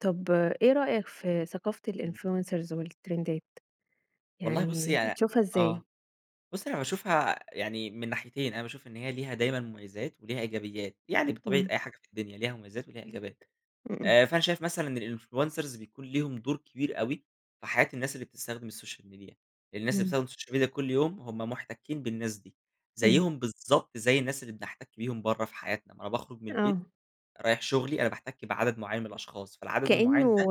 طب إيه رأيك في ثقافة إمم. الInfluencers والترندات؟ والله بُصي يعني ي بتشوفها آه، إزاي؟ بُصي أنا باشوفها يعني من ناحيتين، أنا باشوف إن هي ليها دايمًا مميِّزات وليها إيجابيات، يعني بطبيعة امم. أي حاجة في الدنيا ليها مميِّزات وليها إيجابيات. امم. آآ، فأنا شايف مثلًا الinfluencers بيكون ليهُم دور كبير أوي في حياة الناس اللي بتستخدم السوشيال ميديا، الناس اللي بتستخدم إمم. السوشيال ميديا كل يوم هُم محتكِّين بالناس دي، اهم. زيهُم بالضبط زي الناس اللي بنحتك بيهُم برّه في حياتنا. ما أنا باخرُج من البيت آه. رايح شغلي أنا باحتِك بعدد معيَّن من الأشخاص، فالعدد المعيَّن ده كأنه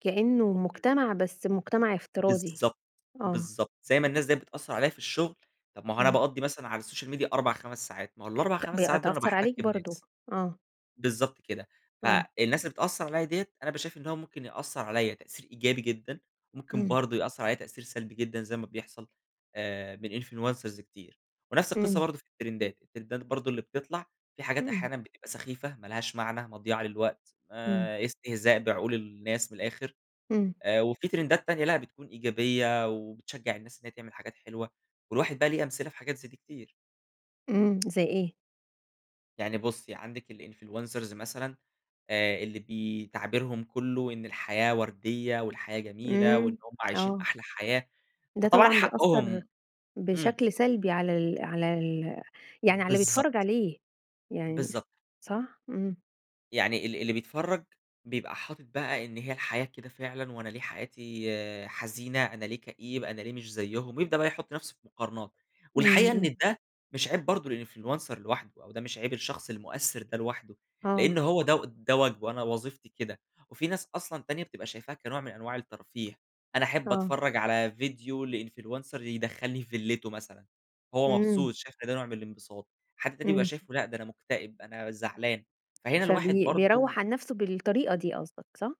كأنه امم. مجتمع بس مجتمع افتراضي، بالضبط، آه. بالضبط، زي ما الناس ديّة بتأثِّر عليّا في الشغل، طَب ما هو أنا امم. بقضِّي مثلًا باقضِّي على السوشيال ميديا 4، 5 ساعات، ما هو الأربع، ت خمس ساعات دول أنا بتأثر باحتِك عليك برضه، بناس. آه. بالضبط كده، آه. فالناس اللي بتأثِّر عليّا ديّة أنا بابقى شايف إن هو ممكن يأثِّر عليّا تأثير إيجابي جدًا، وممكن امم. برضه يأثِّر عليّا تأثير سلبي جدًا، زي ما بيحصل آآ، من influencers كتير. ونفس القصة امم. برضه في الترِندات، الترِندات برضه اللي بتطلع في حاجات، امم. أحيانًا بتبقى سخيفة ما لهاش معنى، مضيِّعة للوقت، امم. آآ، استهزاء بعقول الناس من الآخر، امم. آآ، وفي ترِندات تانية لأ بتكون إيجابية وبتشجِّع الناس إنّها تعمل حاجات حلوة، والواحد بقى ليه أمثلة في حاجات زي دي كتير. امم، زي إيه؟ يعني بُصي، عندِك الinfluencers مثلًا آآ، اللي بي تعبيرهم كلّه إن الحياة ورديّة والحياة جميلة وإن امم، هُم عايشين آه. أحلى حياة ده فطبعًا طبعًا بيأثر حقهم إمم. بشكل سلبي على ال على ال يعني على اللي بالضبط. بيتفرج عليه، يعني بالضبط. صح، إمم. يعني ال ال اللي بيتفرَّج بيبقى حاطِط بقى إن هي الحياة كده فعلًا، وأنا ليه حياتي حزينة، أنا ليه كئيب، أنا ليه مش زيهُم، بيبدأ بقى يحُط نفسه في مقارنات. امم والحقيقة إن امم. ده مش عيب برضه الinfluencer لوحده، أو ده مش عيب الشخص المؤثِّر ده لوحده، آه لأنّه هو ده ده واجبه، أنا وظيفتي كده. وفي ناس أصلًا تانية بتبقى شايفاها كنوع من أنواع الترفيه. أنا أحِب آه. أتفرَّج على فيديو لinfluencer يدخِّلني في فيلته مثلًا، هو إمم. مبسوط، شايف ده نوع من الانبساط. حد تاني بيبقى إمم. شايفه لأ، ده أنا مكتئب، أنا زعلان، فهنا الواحد فبي برضه بيروح عن نفسه بالطريقة دي قصدك، صح؟